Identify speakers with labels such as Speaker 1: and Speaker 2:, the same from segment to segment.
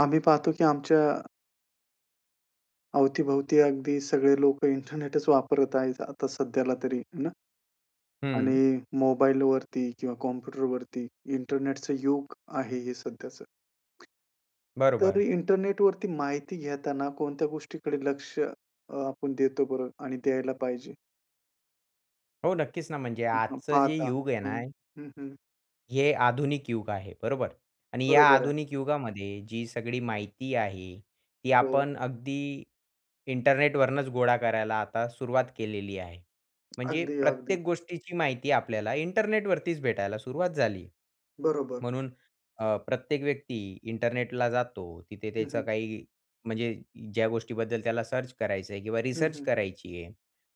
Speaker 1: आम्ही पाहतो की आमच्या अवतीभवती अगदी सगळे लोकं इंटरनेटच वापरत आहेत आता सध्याला तरी आहे ना?
Speaker 2: हं.
Speaker 1: आणि मोबाईलवरती किंवा कॉम्प्युटरवरती, इंटरनेटच युग आहे हे सध्याचं. तर
Speaker 2: बरोबर.
Speaker 1: इंटरनेट वरती माहिती घेताना कोणत्या गोष्टीकडे लक्ष अ, आपण देतो बरं आणि द्यायला पाहिजे?
Speaker 2: हो, नक्कीच ना, म्हणजे
Speaker 1: हं, हं,
Speaker 2: आजचं जे
Speaker 1: पाहता
Speaker 2: युग आहे ना
Speaker 1: हं, हं, हं.
Speaker 2: हे आधुनिक युग आहे, बरोबर? आणि या
Speaker 1: बरोबर आहे.
Speaker 2: आधुनिक युगामध्ये जी सगळी माहिती आहे. ती
Speaker 1: हो.
Speaker 2: आपण अगदी इंटरनेटवरनचं गोळा करायला आता सुरुवात केलेली आहे. म्हणजे
Speaker 1: अगदी, अगदी.
Speaker 2: प्रत्येक गोष्टीची माहिती आपल्याला इंटरनेटवरतीच भेटायला सुरुवात झाली.
Speaker 1: बरोबर.
Speaker 2: म्हणून अ, प्रत्येक व्यक्ती इंटरनेटला जातो. तिथे
Speaker 1: हं,
Speaker 2: त्याचं
Speaker 1: हं.
Speaker 2: काही म्हणजे, ज्या गोष्टीबद्दल त्याला सर्च करायचं आहे किंवा
Speaker 1: हं,
Speaker 2: रिसर्च
Speaker 1: हं.
Speaker 2: करायची आहे.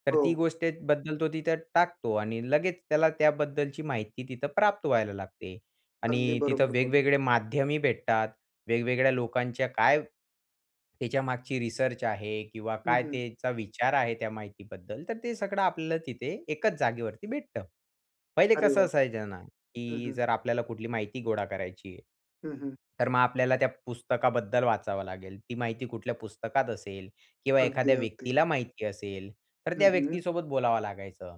Speaker 2: तर ती
Speaker 1: हो.
Speaker 2: गोष्टीबद्दल तो तिथं टाकतो आणि लगेच त्याला त्याबद्दलची माहिती तिथं प्राप्त व्हायला लागते
Speaker 1: अगदी
Speaker 2: आणि तिथं
Speaker 1: बरोबर बोलला.
Speaker 2: वेग-वेगळे माध्यमही भेटतात. वेग-वेगळ्या लोकांच्या काय त्याच्यामागची रिसर्च आहे किंवा
Speaker 1: हं,
Speaker 2: काय
Speaker 1: हं.
Speaker 2: त्याचा विचार आहे त्या माहितीबद्दल. तर ते सगळं आपल्याला तिथे एकाच जागेवरती भेटतं. पहिले
Speaker 1: अरे
Speaker 2: कसं
Speaker 1: वाह!
Speaker 2: असायचं ना,
Speaker 1: हं,
Speaker 2: की
Speaker 1: हं.
Speaker 2: जर आपल्याला कुठली माहिती गोळा करायची आहे,
Speaker 1: हं, हं.
Speaker 2: तर मग आपल्याला त्या पुस्तकाबद्दल वाचावं लागेल. ती माहिती कुठल्या पुस्तकात असेल किंवा एखाद्या
Speaker 1: अगदी, अगदी.
Speaker 2: व्यक्तीला माहिती असेल, तर
Speaker 1: हं,
Speaker 2: त्या
Speaker 1: हं.
Speaker 2: व्यक्तीसोबत बोलावं लागायचं.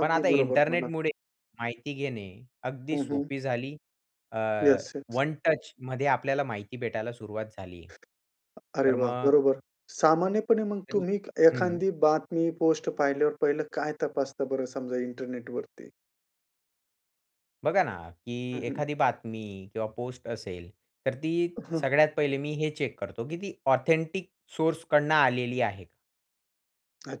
Speaker 2: पण आता
Speaker 1: बरोबर बोललात.
Speaker 2: इंटरनेटमुळे माहिती घेणे अगदी
Speaker 1: हं, हं.
Speaker 2: सोपी झाली. अ,
Speaker 1: येस, येस.
Speaker 2: 1 टचमध्ये आपल्याला माहिती भेटायला सुरुवात झाली
Speaker 1: अरे
Speaker 2: तर
Speaker 1: वाह!
Speaker 2: मग
Speaker 1: बरोबर. सामान्यपणे मग
Speaker 2: तरी
Speaker 1: तुम्ही
Speaker 2: हं, हं.
Speaker 1: एखांदी बातमी, पोस्ट पाहिल्यावर पहिलं काय तपासता बरं समजा इंटरनेटवरती?
Speaker 2: बघा ना की
Speaker 1: हं, हं.
Speaker 2: एखादी बातमी किंवा पोस्ट असेल, तर ती
Speaker 1: अ, हं.
Speaker 2: सगळ्यात पहिले मी हे चेक करतो की ती ऑथेंटिक सोर्सकडून आलेली आहे.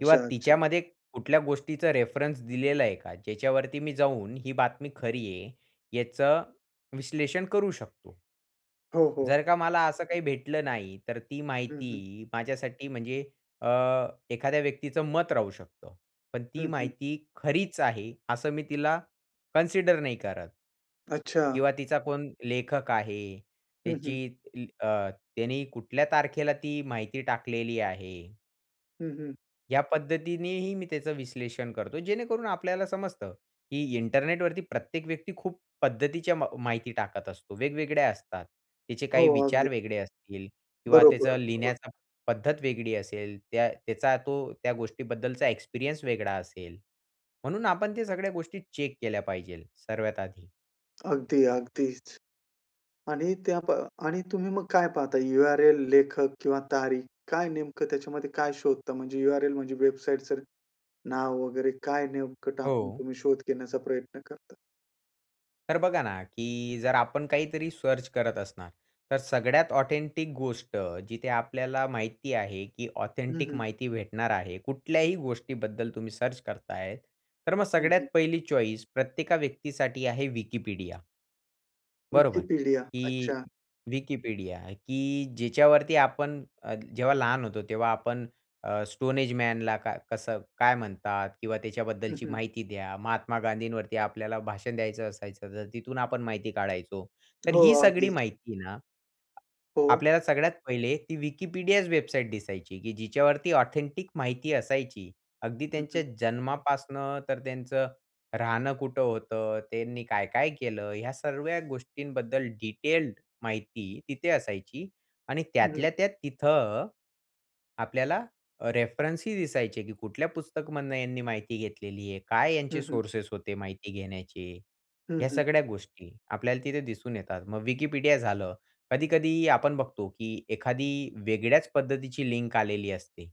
Speaker 2: किंवा
Speaker 1: अच्छा.
Speaker 2: तिच्यामध्ये कुठल्या गोष्टीचा रेफरन्स दिलेला आहे का? ज्याच्यावरती मी जाऊन ही बातमी खरी आहे, याचं विश्लेषण करू शकतो?
Speaker 1: हो, हो.
Speaker 2: जर का मला असं काही भेटलं नाही, तर ती
Speaker 1: हं, हं.
Speaker 2: माहिती माझ्यासाठी म्हणजे अ, एखाद्या व्यक्तीचं मत राहू शकतं. पण ती
Speaker 1: हं, हं.
Speaker 2: माहिती खरीच आहे असं मी तिला कन्सिडर नाही करत
Speaker 1: अच्छा.
Speaker 2: किंवा तिचा कोण लेखक आहे?
Speaker 1: हं, हं.
Speaker 2: त्याची ती अ, त्यांनी कुठल्या तारखेला ती माहिती टाकलेली आहे?
Speaker 1: हं, हं.
Speaker 2: या पद्धतीनेही मी त्याचं विश्लेषण करतो, जेणेकरून आपल्याला समजतं की इंटरनेटवरती प्रत्येक व्यक्ती खूप पद्धतीच्या म माहिती टाकत असतो. वेगवेगळ्या असतात. त्याचे
Speaker 1: हो,
Speaker 2: काही विचार
Speaker 1: अगदी.
Speaker 2: वेगळे असतील किंवा
Speaker 1: बरोबर,
Speaker 2: त्याचं
Speaker 1: बरोबर.
Speaker 2: लिहिण्याचा पद्धत वेगळी असेल, त्या त्याचा तो त्या गोष्टीबद्दलचा एक्सपिरियंस वेगळा असेल. म्हणून आपण त्या सगळ्या गोष्टी चेक केल्या पाहिजे सर्वात आधी.
Speaker 1: अगदी, अगदीच आणि त्या प आणि तुम्ही मग काय पाहता? URL लेखक किंवा तारीख काय नेमकं त्याच्यामध्ये काय शोधता म्हणजे URL म्हणजे वेबसाईटचं नाव वगैरे काय नेमकं टाकून
Speaker 2: हो.
Speaker 1: तुम्ही शोध घेण्याचा प्रयत्न करता?
Speaker 2: तर बघा ना की जर आपण काहीतरी सर्च करत असणार, तर सगळ्यात ऑथेंटिक गोष्ट जिथे आपल्याला माहिती आहे की
Speaker 1: हं,
Speaker 2: ऑथेंटिक
Speaker 1: हं.
Speaker 2: माहिती भेटणार आहे. कुठल्याही गोष्टीबद्दल तुम्ही सर्च करताय, तर मग
Speaker 1: हं, हं.
Speaker 2: सगळ्यात 1ली चॉइस प्रत्येका व्यक्तीसाठी आहे Wikipedia. बरोबर?
Speaker 1: Wikipedia
Speaker 2: की
Speaker 1: अच्छा.
Speaker 2: Wikipedia की जिच्यावरती आपण अ, जेव्हा लहान होतो तेव्हा आपण अ, स्टोनएजमॅनला काय कसं काय म्हणतात? किंवा
Speaker 1: हं,
Speaker 2: त्याच्याबद्दलची
Speaker 1: हं.
Speaker 2: माहिती द्या. महात्मा गांधींवरती आपल्याला भाषण द्यायचं असायचं तर तिथून आपण माहिती काढायचो. तर
Speaker 1: हो,
Speaker 2: ही सगळी
Speaker 1: अगदीच.
Speaker 2: माहिती ना
Speaker 1: हो.
Speaker 2: आपल्याला सगळ्यात 1ले ती Wikipedia वेबसाईट दिसायची की जिच्यावरती ऑथेंटिक माहिती असायची. अगदी
Speaker 1: हं,
Speaker 2: त्यांच्या
Speaker 1: हं.
Speaker 2: जन्मापासून तर त्यांचं राहणं कुठं होतं? त्यांनी काय-काय केलं? ह्या सगळ्या गोष्टींबद्दल डिटेल्ड माहिती तिथे असायची आणि
Speaker 1: हं.
Speaker 2: त्यातल्या-त्यात तिथं, आपल्याला रेफरन्सही दिसायचे की कुठल्या पुस्तकामधून यांनी माहिती घेतलेली आहे, काय यांचे
Speaker 1: हं, हं.
Speaker 2: सोर्सेस होते माहिती घेण्याचे?
Speaker 1: हं,
Speaker 2: ह्या
Speaker 1: हं.
Speaker 2: सगळ्या गोष्टी आपल्याला तिथे दिसून येतात. मग Wikipedia झालं, कधी-कधी आपण बघतो की एखादी वेगळ्याच पद्धतीची लिंक आलेली असते.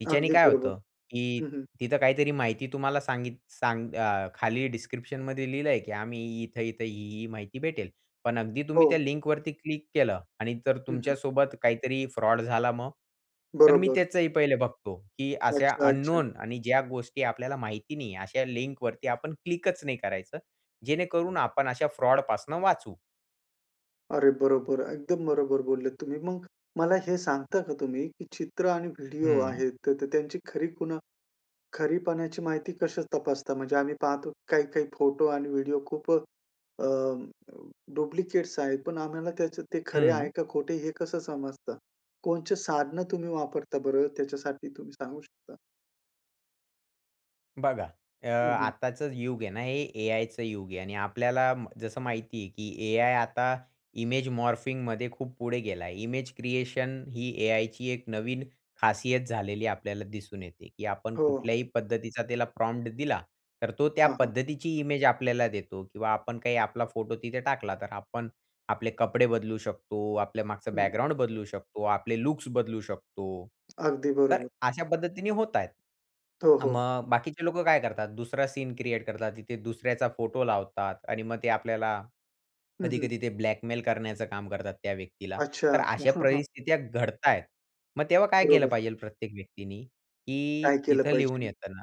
Speaker 2: तिच्याने
Speaker 1: अगदी
Speaker 2: काय
Speaker 1: बरोबर.
Speaker 2: होतं की
Speaker 1: हं, हं.
Speaker 2: तिथं काहीतरी माहिती तुम्हाला सांगित सांग अ, खाली डिस्क्रिप्शनमध्ये लिहिलं आहे की आम्ही इथं-इथं, ही-ही माहिती भेटेल पण अगदी तुम्ही त्या
Speaker 1: हो.
Speaker 2: लिंकवरती क्लिक केलं आणि जर
Speaker 1: हं, हं.
Speaker 2: तुमच्यासोबत काहीतरी फ्रॉड झाला मग? तर मी
Speaker 1: बरोबर.
Speaker 2: त्याचंही पहिले बघतो की अशा
Speaker 1: अच्छा, अच्छा.
Speaker 2: अननोन आणि ज्या गोष्टी आपल्याला माहिती नाही अशा लिंकवरती आपण क्लिकच नाही करायचं, जेणेकरून आपण अशा फ्रॉड पासून वाचू.
Speaker 1: अरे बरोबर! एकदम बरोबर बोललेत तुम्ही. मग मला हे सांगता का तुम्ही की चित्र आणि व्हिडिओ
Speaker 2: हं.
Speaker 1: आहेत तर त्यांची खरी खूण खरी पणाची माहिती कशी तपासता? म्हणजे आम्ही पाहतो काही-काही फोटो आणि व्हिडिओ खूप अ, डुप्लिकेट्स आहेत पण आम्हाला त्याचं ते खरे
Speaker 2: हं.
Speaker 1: आहे का खोटे हे कसं समजतं? कोणचे साधनं तुम्ही वापरता बरं त्याच्यासाठी तुम्ही सांगू शकता?
Speaker 2: बघा अ,
Speaker 1: हं, हं.
Speaker 2: आताचं युग आहे ना हे A-Iचं युग आहे आणि आपल्याला जसं माहिती आहे की A-I आता इमेज मॉर्फिंगमध्ये खूप पुढे गेला आहे. इमेज क्रिएशन ही A-Iची 1 नवीन खासियत झालेली आपल्याला दिसून येते की आपण
Speaker 1: हो.
Speaker 2: कुठल्याही पद्धतीचा त्याला प्रॉम्प्ट दिला. तर तो त्या
Speaker 1: हां हां.
Speaker 2: पद्धतीची इमेज आपल्याला देतो किंवा आपण काही आपला फोटो तिथे टाकला तर आपण आपले कपडे बदलू शकतो. आपल्या मागचं
Speaker 1: हं.
Speaker 2: बॅकग्राउंड बदलू शकतो. आपले लुक्स बदलू शकतो.
Speaker 1: अगदी
Speaker 2: तर
Speaker 1: बरोबर.
Speaker 2: अशा पद्धतीने होतायेत.
Speaker 1: हो, हो.
Speaker 2: मग बाकीचे लोकं काय करतात? दुसरा सीन क्रिएट करतात. तिथे दुसऱ्याचा फोटो लावतात आणि मग ते आपल्याला
Speaker 1: हं, हं.
Speaker 2: कधी-कधी ते ब्लॅकमेल करण्याचं काम करतात त्या व्यक्तीला. तर
Speaker 1: अच्छा.
Speaker 2: अशा परिस्थित्या घडतायेत, मग तेव्हा काय केलं
Speaker 1: बरोबर.
Speaker 2: पाहिजेल प्रत्येक व्यक्तीनी? की
Speaker 1: काय केलं
Speaker 2: तिथं लिहून
Speaker 1: पाहिजेन?
Speaker 2: येत ना,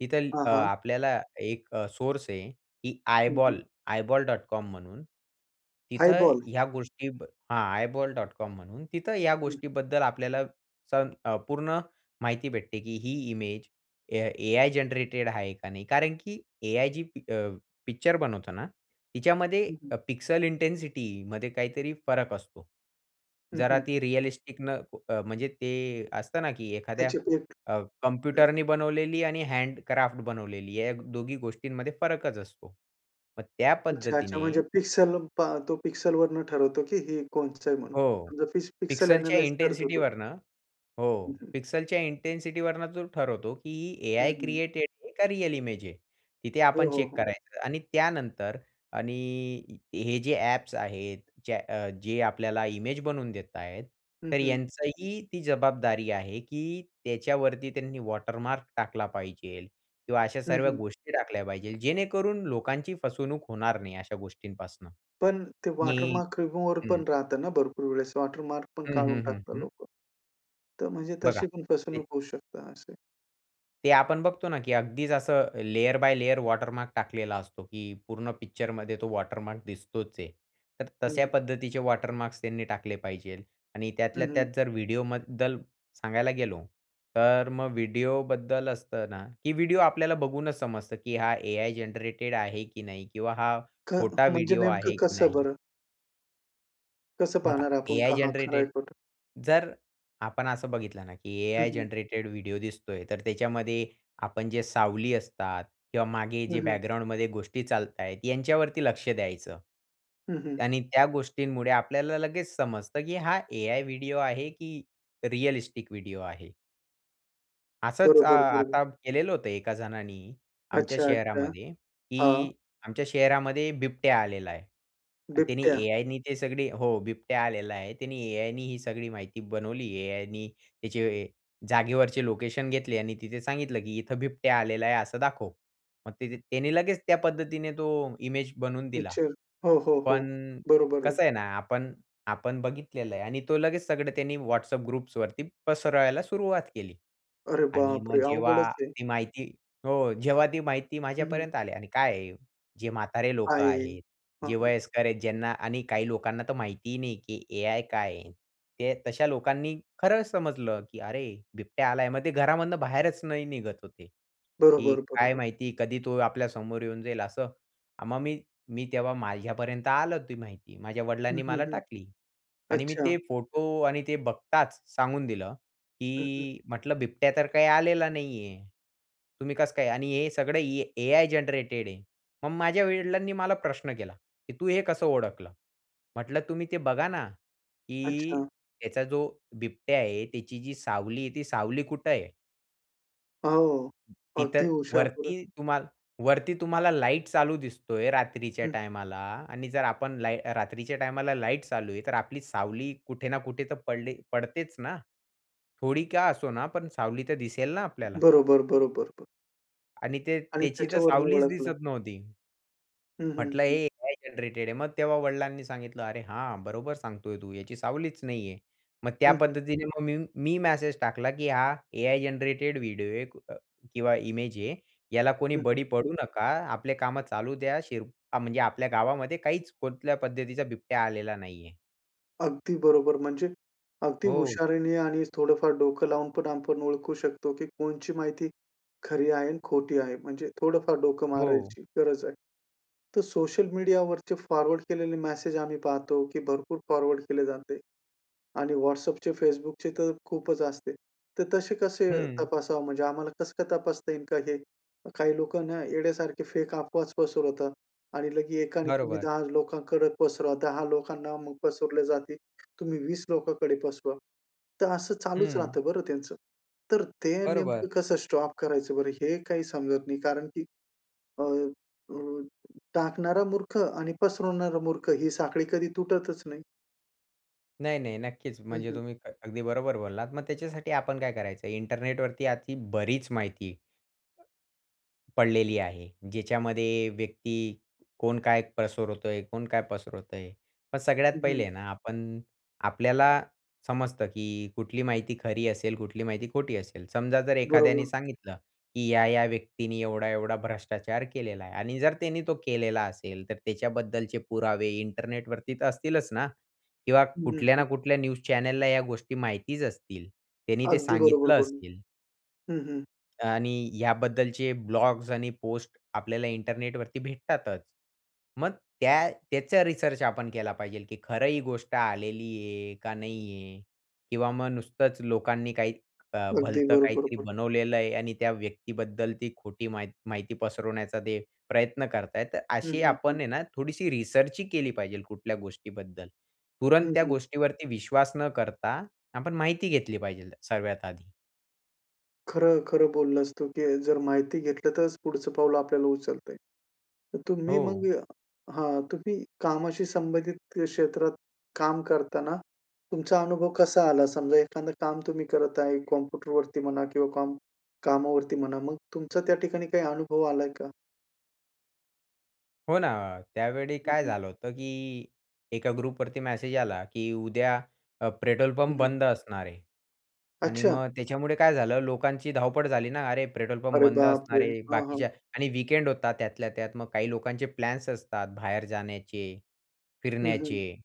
Speaker 2: तिथं
Speaker 1: हां,
Speaker 2: अ,
Speaker 1: हां.
Speaker 2: आपल्याला एक सोर्स आहे की
Speaker 1: हं, हं.
Speaker 2: आयबॉल, eyeball.com म्हणून. तिथं
Speaker 1: आयबॉल?
Speaker 2: ह्या गोष्टीब हा, eyeball.com म्हणून तिथं या
Speaker 1: हं.
Speaker 2: गोष्टीबद्दल अ, आपल्याला स अ, पूर्ण माहिती भेटते की ही इमेज A-I जनरेटेड आहे का नाही कारण की A-I जी अ, पिक्चर बनवतो ना, तिच्यामध्ये
Speaker 1: हं, हं.
Speaker 2: पिक्सल इंटेंसिटीमध्ये काहीतरी फरक असतो.
Speaker 1: हं,
Speaker 2: जरा
Speaker 1: हं.
Speaker 2: ती रियलिस्टिक न अ, म्हणजे ते असतं ना की एखाद्या
Speaker 1: त्याचे एक
Speaker 2: अ, कॉम्प्युटरने बनवलेली आणि हँडक्राफ्ट बनवलेली या दोघी गोष्टींमध्ये फरकच असतो. मग त्या
Speaker 1: अच्छा. अच्छा.
Speaker 2: पद्धतीने
Speaker 1: म्हणजे पिक्सल पा तो पिक्सलवरनं ठरवतो की हे कोणच आहे म्हणून
Speaker 2: हो
Speaker 1: समजा पिक्स पिक्सल
Speaker 2: पिक्सलच्या
Speaker 1: ॲनलाईझ करतो तो.
Speaker 2: इंटेन्सिटीवरनं हो
Speaker 1: [unintelligible]
Speaker 2: पिक्सलच्या इंटेन्सिटीवरनं तो ठरवतो की
Speaker 1: हं,
Speaker 2: A-I
Speaker 1: हं.
Speaker 2: क्रिएटेड आहे का? रिअल इमेज आहे? तिथे
Speaker 1: हो,
Speaker 2: आपण
Speaker 1: हो,
Speaker 2: चेक
Speaker 1: हो.
Speaker 2: करायचं आणि त्यानंतर आणि हे जे ॲप्स आहेत जे जे आपल्याला इमेज बनवून देत आहेत
Speaker 1: हं,
Speaker 2: तर
Speaker 1: हं.
Speaker 2: यांचंही ती जबाबदारी आहे की त्याच्यावरती त्यांनी वॉटरमार्क टाकला पाहिजेल किंवा अशा
Speaker 1: हं,
Speaker 2: सर्व
Speaker 1: हं.
Speaker 2: गोष्टी टाकल्या पाहिजे. जेणेकरून लोकांची फसवणूक होणार नाही अशा गोष्टींपासनं.
Speaker 1: पण ते वॉटर
Speaker 2: हं,
Speaker 1: मार्क रिमूव्हर
Speaker 2: हं.
Speaker 1: पण राहतं ना भरपूर वेळेस, वॉटर मार्क पण
Speaker 2: हं,
Speaker 1: काढून
Speaker 2: हं, हं,
Speaker 1: टाकतात
Speaker 2: हं.
Speaker 1: लोकं. तर म्हणजे
Speaker 2: बघा
Speaker 1: तशी पण फसवणूक
Speaker 2: ते
Speaker 1: होऊ शकते असंय.
Speaker 2: ते आपण बघतो ना की अगदीच असं लेयर बाय लेयर वॉटरमार्क टाकलेला असतो की पूर्ण पिक्चरमध्ये तो वॉटरमार्क दिसतोच आहे. तर तशा
Speaker 1: हं.
Speaker 2: पद्धतीचे वॉटरमार्क्स त्यांनी टाकले पाहिजेत. आणि त्यातल्या
Speaker 1: हं,
Speaker 2: त्यात
Speaker 1: हं.
Speaker 2: जर व्हिडिओबद्दल सांगायला गेलो तर मग व्हिडिओबद्दल असतं ना की व्हिडिओ आपल्याला बघूनच समजतं की हा AI जनरेटेड आहे की नाही किंवा हा
Speaker 1: ख
Speaker 2: खोटा
Speaker 1: म्हणजे
Speaker 2: व्हिडिओ आहे
Speaker 1: नेमकं
Speaker 2: की
Speaker 1: कसं
Speaker 2: नाही.
Speaker 1: बरं? कसं
Speaker 2: बघा
Speaker 1: पाहणार आपण
Speaker 2: AI
Speaker 1: का हा खरा आहे,
Speaker 2: जनरेटेड
Speaker 1: खोटा आहे?
Speaker 2: जर आपण असं बघितलं ना की
Speaker 1: हं,
Speaker 2: AI
Speaker 1: हं.
Speaker 2: जनरेटेड व्हिडिओ दिसतोय, तर त्याच्यामध्ये आपण जे सावली असतात किंवा मागे
Speaker 1: हं,
Speaker 2: जे
Speaker 1: हं.
Speaker 2: बॅकग्राउंडमध्ये गोष्टी चालत आहेत यांच्यावरती लक्ष द्यायचं
Speaker 1: हं, हं.
Speaker 2: त्यांनी त्या गोष्टींमुळे आपल्याला लगेच समजतं की हा AI व्हिडिओ आहे की रिॲलिस्टिक व्हिडिओ आहे. असंच अ,
Speaker 1: बरोबर, बरोबर.
Speaker 2: आता केलेलं होतं एका जणांनी आमच्या
Speaker 1: अच्छा, अच्छा.
Speaker 2: शहरामध्ये
Speaker 1: हां.
Speaker 2: की "आमच्या शहरामध्ये बिबट्या आलेला आहे." त्याने
Speaker 1: बिबट्या.
Speaker 2: AIनी ते सगळी हो, बिबट्या आलेला आहे. त्यानी AIनी ही सगळी माहिती बनवली. AIनी त्याचे जागेवरचे लोकेशन घेतले आणि तिथे सांगितलं की "इथं बिबट्या आलेला आहे असं दाखव." मग तिथे त्याने लगेच त्या पद्धतीने तो इमेज बनवून दिला.
Speaker 1: पिच्चर. हो, हो, हो.
Speaker 2: पण
Speaker 1: बरोबर आहे.
Speaker 2: कसं आहे ना आपण आपण बघितलेलं आहे आणि तो लगेच सगळं त्यांनी WhatsApp ग्रुप्सवरती पसरवायला सुरुवात केली
Speaker 1: अरे
Speaker 2: आणि मग
Speaker 1: बापरे!
Speaker 2: जेव्हा
Speaker 1: अवघडच आहे.
Speaker 2: ती माहिती हो, जेव्हा ती माहिती
Speaker 1: हं, हं.
Speaker 2: माझ्यापर्यंत आली आणि काय आहे जे म्हातारे लोकं
Speaker 1: आहे.
Speaker 2: आहेत,
Speaker 1: हं,
Speaker 2: जे
Speaker 1: हं.
Speaker 2: वयस्कर आहेत, ज्यांना आणि काही लोकांना तर माहिती ही नाही की AI काय आहे? ते तशा लोकांनी खरंच समजलं की "अरे बिबट्या आलाय." मग ते घरामधनं बाहेरच नाही निघत होते की
Speaker 1: बरोबर,
Speaker 2: "काय
Speaker 1: बरोबर.
Speaker 2: माहिती कधी तो आपल्या समोर येऊन जाईल?" असं. अ, मग मी मी तेव्हा माझ्यापर्यंत आलं ती माहिती. माझ्या
Speaker 1: हं,
Speaker 2: वडिलांनी
Speaker 1: हं,
Speaker 2: मला
Speaker 1: हं,
Speaker 2: टाकली आणि मी ते
Speaker 1: अच्छा.
Speaker 2: फोटो आणि ते बघताच सांगून दिलं
Speaker 1: हं, हं.
Speaker 2: की म्हटलं, "बिबट्या तर काही आलेला नाही आहे. तुम्ही कसं काय आणि हे सगळं ए AI जनरेटेड आहे." मग माझ्या वडिलांनी मला प्रश्न केला? की "तू हे कसं ओळखलं?" म्हटलं तुम्ही ते बघा ना की
Speaker 1: अच्छा.
Speaker 2: "त्याचा जो बिबट्या आहे, त्याची जी सावली आहे, ती सावली कुठे आहे?"
Speaker 1: हो, अगदी
Speaker 2: तिथं
Speaker 1: हुशार बरं.
Speaker 2: वरती तुम्हाला वरती तुम्हाला लाईट चालू दिसतोय रात्रीच्या
Speaker 1: हं.
Speaker 2: टायमाला आणि जर आपण लाई रात्रीच्या टायमाला लाईट चालू आहे, तर आपली सावली कुठे ना कुठे तर पडले पडतेच ना? थोडी का असो ना, पण सावली तर दिसेल ना आपल्याला?
Speaker 1: बरोबर, बरोबर.
Speaker 2: आणि ते
Speaker 1: आणि
Speaker 2: त्याची तर
Speaker 1: त्याच्यावरून
Speaker 2: सावलीच
Speaker 1: ओळखलं.
Speaker 2: दिसत नव्हती.
Speaker 1: हं, हं,
Speaker 2: म्हटलं
Speaker 1: हं.
Speaker 2: हे AI जनरेटेड आहे. मग तेव्हा वडिलांनी सांगितलं, "अरे हां, बरोबर सांगतोय तू, याची सावलीच नाहीये." मग त्या
Speaker 1: हं, हं.
Speaker 2: पद्धतीने मग मी, मी मॅसेज टाकला, की हा AI जनरेटेड व्हिडिओ आहे अ, किंवा इमेज आहे. याला कोणी
Speaker 1: हं, हं.
Speaker 2: बळी पडू नका. आपले कामं चालू द्या. शिर म्हणजे आपल्या गावामध्ये काहीच कोणल्या पद्धतीचा बिबट्या आलेला नाही आहे.
Speaker 1: अगदी बरोबर. म्हणजे अगदी
Speaker 2: हो.
Speaker 1: हुशारीने आणि थोडं फार डोकं लावून पण आपण ओळखू शकतो की कोणची माहिती खरी आहे आणि खोटी आहे. म्हणजे थोडं फार डोकं
Speaker 2: हो.
Speaker 1: मारायची गरज आहे. तर सोशल मीडियावरचे फॉरवर्ड केलेले मेसेज आम्ही पाहतो, की भरपूर फॉरवर्ड केले जाते आणि WhatsAppचे, Facebookचे तर खूपच असते. तर तसे कसे
Speaker 2: हं.
Speaker 1: तपासावं? म्हणजे आम्हाला कसं काय तपासता येईल का? हे काही लोकांना येड्यासारखे फेक अफवा पसरवतात आणि लगेच एकाने तुम्ही
Speaker 2: बरोबर.
Speaker 1: 10 लोकांकडे पसरवा, 10 लोकांना मग पसरले जातील, तुम्ही 20 लोकांकडे पसरवा. तर असं चालूच
Speaker 2: हं.
Speaker 1: राहतं बरं त्यांचं. तर ते
Speaker 2: बरोबर.
Speaker 1: नेमकं कसं स्टॉप करायचं बरं, हे काही समजत नाही कारण, की अ, अ, टाकणारा मूर्ख आणि पसरवणारा मूर्ख ही साखळी कधी तुटतच नाही.
Speaker 2: नाही, नाही, नक्कीच.
Speaker 1: हं,
Speaker 2: म्हणजे
Speaker 1: हं.
Speaker 2: तुम्ही क अगदी बरोबर बोललात. मग त्याच्यासाठी आपण काय करायचं? इंटरनेटवरती अती, बरीच माहिती पडलेली आहे. ज्याच्यामध्ये व्यक्ती, कोण काय पसरवतोय कोण काय पसरवतोय. पण सगळ्यात
Speaker 1: हं, हं.
Speaker 2: पहिले ना आपण, आपल्याला समजतं की कुठली माहिती खरी असेल, कुठली माहिती खोटी असेल. समजा जर
Speaker 1: बरोबर.
Speaker 2: एखाद्याने सांगितलं की या-या व्यक्तीनी एवढा-एवढा भ्रष्टाचार केलेला आहे. आणि जर त्यांनी तो केलेला असेल, तर त्याच्याबद्दलचे पुरावे इंटरनेटवरती तर असतीलच ना? किंवा
Speaker 1: हं, हं,
Speaker 2: कुठल्या ना
Speaker 1: हं.
Speaker 2: कुठल्या न्यूज चॅनलला या गोष्टी माहितीच असतील. त्यांनी ते
Speaker 1: अगदी बरोबर
Speaker 2: सांगितलं
Speaker 1: बोलून.
Speaker 2: असतील.
Speaker 1: हं हं.
Speaker 2: आणि याबद्दलचे ब्लॉग्स आणि पोस्ट आपल्याला इंटरनेटवरती भेटतातच. मग त्या त्याचा रिसर्च आपण केला पाहिजे, की खरं ही गोष्ट आलेली आहे का नाही आहे किंवा मग नुसतंच लोकांनी काही अ,
Speaker 1: अगदी
Speaker 2: भलतं
Speaker 1: बरोबर
Speaker 2: काहीतरी
Speaker 1: बोल
Speaker 2: बनवलेलं आहे आणि त्या व्यक्तीबद्दल ती खोटी मा माहिती पसरवण्याचा ते प्रयत्न करत आहेत.
Speaker 1: हं,
Speaker 2: अशी
Speaker 1: हं,
Speaker 2: आपण
Speaker 1: हं.
Speaker 2: आहे ना थोडीशी रिसर्चही केली पाहिजे कुठल्या गोष्टीबद्दल. तुरंत
Speaker 1: हं,
Speaker 2: त्या
Speaker 1: हं.
Speaker 2: गोष्टीवरती विश्वास न करता आपण माहिती घेतली पाहिजे सगळ्यात आधी.
Speaker 1: खरं-खरं बोललास तू की जर माहिती घेतलं, तरच पुढचं पाऊल आपल्याला उचलतंय. तर तुम्ही
Speaker 2: हो.
Speaker 1: मग हां. तुम्ही कामाशी संबंधित क्षेत्रात काम करतांना, तुमचा अनुभव कसा आला? समजा एखादं काम तुम्ही करत आहे, कॉम्प्युटरवरती म्हणा किंवा काम कामावरती म्हणा, मग तुमचा त्या ठिकाणी काही अनुभव आलाय का?
Speaker 2: हो ना, त्यावेळी
Speaker 1: हं,
Speaker 2: काय
Speaker 1: हं.
Speaker 2: झालं होतं की एका ग्रुपवरती मेसेज आला की उद्या अ, पेट्रोल
Speaker 1: हं,
Speaker 2: पंप
Speaker 1: हं.
Speaker 2: बंद असणार आहे. आणि
Speaker 1: अच्छा.
Speaker 2: मग त्याच्यामुळे काय झालं, लोकांची धावपळ झाली ना. अरे! पेट्रोल पंप
Speaker 1: अरे
Speaker 2: बंद असणार
Speaker 1: बापरे!
Speaker 2: आहे,
Speaker 1: हां, हां.
Speaker 2: बाकीच्या आणि वीकेंड होता त्यातल्या त्यात, मग काही लोकांचे प्लॅन्स असतात, बाहेर जाण्याचे,
Speaker 1: हं, हं.
Speaker 2: फिरण्याचे.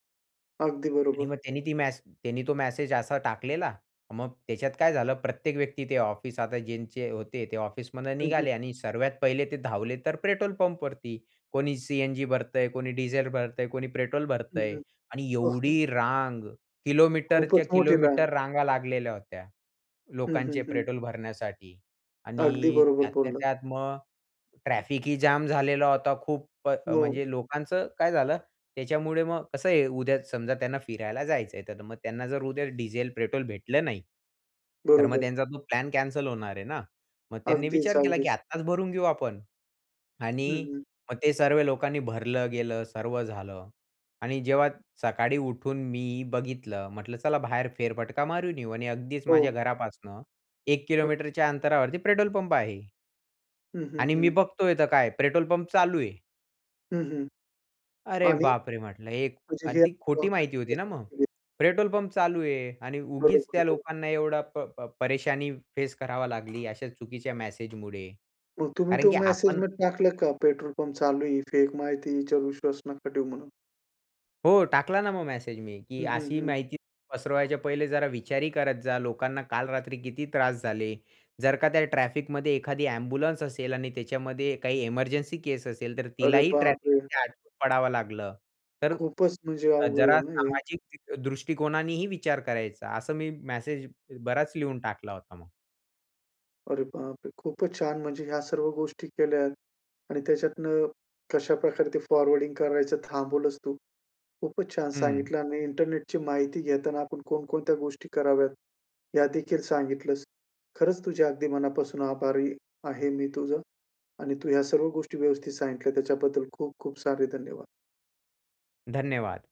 Speaker 1: अगदी
Speaker 2: आणि
Speaker 1: बरोबर.
Speaker 2: मग त्यांनी ती मेसे त्यांनी तो मेसेज असा टाकलेला, मग त्याच्यात काय झालं, प्रत्येक व्यक्ती ते ऑफिस आता ज्यांचे होते ते ऑफिसमधून
Speaker 1: हं, हं.
Speaker 2: निघाले आणि सर्वात पहिले ते धावले तर पेट्रोल पंपवरती. कोणी सी-एन-जी भरतंय, कोणी डिझेल भरतंय, कोणी पेट्रोल
Speaker 1: हं,
Speaker 2: भरतंय आणि
Speaker 1: हं.
Speaker 2: एवढी
Speaker 1: [unintelligible]
Speaker 2: रांग, किलोमीटरच्या
Speaker 1: खूपच मोठी रांग.
Speaker 2: किलोमीटर रांगा लागलेल्या होत्या,
Speaker 1: हं,
Speaker 2: लोकांचे
Speaker 1: हं, हं.
Speaker 2: पेट्रोल भरण्यासाठी
Speaker 1: अगदी
Speaker 2: आणि
Speaker 1: बरोबर
Speaker 2: त्यातल्या
Speaker 1: बोललात.
Speaker 2: त्यात मग ट्रॅफिक ही जॅम झालेला होता खूप, अ,
Speaker 1: हो.
Speaker 2: म्हणजे लोकांचं काय झालं, त्याच्यामुळे मग कसं आहे, उद्या समजा त्यांना फिरायला जायचं आहे, तर मग त्यांना जर उद्या डिझेल, पेट्रोल भेटलं नाही, तर मग
Speaker 1: बरोबर.
Speaker 2: त्यांचा तो प्लॅन कॅन्सल होणार आहे ना. मग त्यांनी
Speaker 1: अगदीच,
Speaker 2: विचार केला की
Speaker 1: अगदीच.
Speaker 2: आत्ताच भरून घेऊ आपण
Speaker 1: हं,
Speaker 2: आणि
Speaker 1: हं.
Speaker 2: मग ते सर्व लोकांनी भरलं गेलं, सर्व झालं आणि जेव्हा सकाळी उठून मी बघितलं, म्हटलं चला बाहेर फेरफटका मारून येऊ आणि अगदीच
Speaker 1: हो.
Speaker 2: माझ्या घरापासून 1
Speaker 1: [unintelligible]
Speaker 2: किलोमीटरच्या अंतरावरती पेट्रोल पंप आहे.
Speaker 1: हं, हं,
Speaker 2: आणि मी
Speaker 1: हं.
Speaker 2: बघतोय तर काय, पेट्रोल पंप चालू आहे.
Speaker 1: हं, हं
Speaker 2: अरे
Speaker 1: आणि
Speaker 2: बाप रे! म्हटलं एक
Speaker 1: म्हणजे
Speaker 2: अन्
Speaker 1: हे
Speaker 2: ती खोटी माहिती
Speaker 1: प्रोसेसच
Speaker 2: होती
Speaker 1: [unintelligible]
Speaker 2: ना मग.
Speaker 1: सांगतोय?
Speaker 2: पेट्रोल पंप चालू आहे आणि उगीच
Speaker 1: बरोबर,
Speaker 2: त्या
Speaker 1: बरं.
Speaker 2: लोकांना एवढा प प परेशानी फेस करावा लागली. अशा चुकीच्या मॅसेजमुळे.
Speaker 1: मग तुम्ही
Speaker 2: कारण
Speaker 1: तो
Speaker 2: की
Speaker 1: मेसेज
Speaker 2: आपण
Speaker 1: मग टाकलं का? पेट्रोल पंप चालू आहे, ही फेक माहितीय. हिच्यावर विश्वास नका ठेवू म्हणून?
Speaker 2: हो, टाकला ना मग मॅसेज मी, की
Speaker 1: हं, हं,
Speaker 2: अशी
Speaker 1: हं.
Speaker 2: माहिती पसरवायच्या पहिले जरा विचारही करत जा. लोकांना काल रात्री किती त्रास झाले. जर का त्या ट्रॅफिकमध्ये, एखादी एम्ब्युलन्स असेल आणि त्याच्यामध्ये काही इमर्जन्सी केस असेल. तर
Speaker 1: अरे
Speaker 2: तिलाही
Speaker 1: बाप रे!
Speaker 2: ट्रॅफिकमध्ये अडकून पडावं लागलं. तर
Speaker 1: खूपचं म्हणजे
Speaker 2: अ,
Speaker 1: अवघड आहे
Speaker 2: जरा
Speaker 1: ना हे?
Speaker 2: सामाजिक तिथ दृष्टिकोनानेही विचार करायचा असं मी मॅसेज बराच लिहून टाकला होता मग.
Speaker 1: अरे बाप रे! खूपचं छान. म्हणजे ह्या सर्व गोष्टी केल्या आणि त्याच्यातनं कशाप्रकारे ते फॉरवर्डिंग करायचं थांबवलंस तू, खूपचं छान
Speaker 2: हं.
Speaker 1: सांगितलं आणि इंटरनेटची माहिती घेताना आपण कोणकोणत्या गोष्टी कराव्यात या देखील सांगितलंस. खरंच तुझ्या अगदी मनापासून आभारी आहे मी तुझं आणि तू ह्या सर्व गोष्टी व्यवस्थित सांगितल्या त्याच्याबद्दल खूप-खूप सारे धन्यवाद.
Speaker 2: धन्यवाद.